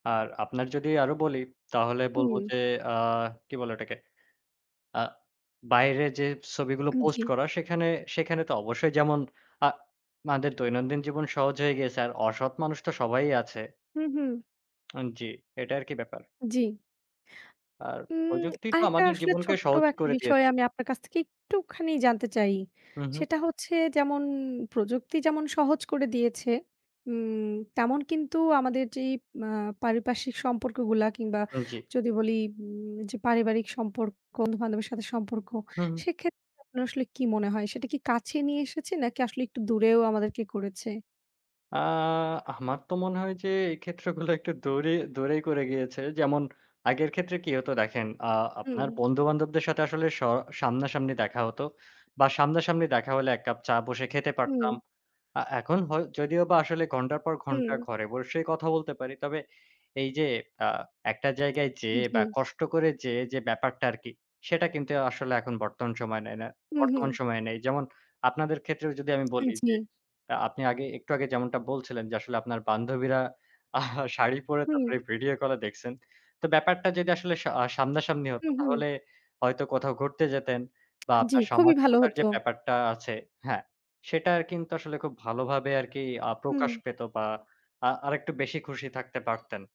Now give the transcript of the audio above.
আর আপনার যদি আরো বলি তাহলে বলব হুম। যে আ কি বলে ওটাকে? আ বাইরে যে ছবিগুলো উম পোস্ট জি। করা সেখানে সেখানে তো অবশ্যই যেমন আ আমাদের দৈনন্দিন জীবন সহজ হয়ে গিয়েছে আর অসৎ মানুষ তো সবাই আছে। হুম, হুম। উম জি, এটা আরকি ব্যাপার। জি। আর উম প্রযুক্তি তো আরেকটা আমাদের আসলে জীবনকে ছোট্ট সহজই একটা করে বিষয় দিয়েছে। আমি আপনার কাছ থেকে একটুখানি জানতে চাই। হুম, হুম। সেটা হচ্ছে যেমন প্রযুক্তি যেমন সহজ করে দিয়েছে উম তেমন কিন্তু আমাদের যেই আ পারিপার্শ্বিক সম্পর্কগুলা কিংবা উম জি। যদি বলি উম যে পারিবারিক সম্পর্ক, বন্ধু-বান্ধবের সাথে সম্পর্ক, হুম, হুম। সেক্ষেত্রে আপনার আসলে কী মনে হয়? সেটা কি কাছে নিয়ে এসেছে নাকি আসলে একটু দূরেও আমাদেরকে করেছে? আ আমার তো মনে হয় যে এই ক্ষেত্রগুলো একটু দূরে দূরেই করে গিয়েছে। যেমন আগের ক্ষেত্রে কি হতো দেখেন আ আপনার হুম। বন্ধু-বান্ধবদের সাথে আসলে স সামনাসামনি দেখা হত। বা সামনাসামনি দেখা হলে ১ কাপ চা বসে খেতে হুম। পারতাম আ এখন হ যদিওবা আসলে ঘন্টার পর ঘন্টা হুম। ঘরে বসে কথা বলতে পারি। তবে এই যে আ একটা জায়গায় উম যেয়ে জি। বা কষ্ট করে যেয়ে যে ব্যাপারটা আরকি সেটা কিন্তু আসলে এখন বর্তমান সময় নেয় না হুম, বর্তমান হুম। সময়ে নেই। যেমন আপনাদের ক্ষেত্রেও যদি আমি আ বলি যে জি। আ আপনি আগে একটু আগে যেমনটা বলছিলেন যে আসলে আপনার বান্ধবীরা শাড়ি পরে হুম। তারপরে ভিডিও কলে দেখছেন। তো ব্যাপারটা যদি আসলে স আ সামনাসামনি হত হুম, হুম। তাহলে হয়তো কোথাও ঘুরতে যেতেন বা জি, আপনার খুবই ভালো সামাজিকতার যে হতো। ব্যাপারটা আছে হ্যাঁ। সেটা কিন্তু আসলে খুব ভালোভাবে আরকি আ হুম। প্রকাশ পেত বা আ আরেকটু বেশি খুশি থাকতে পারতেন।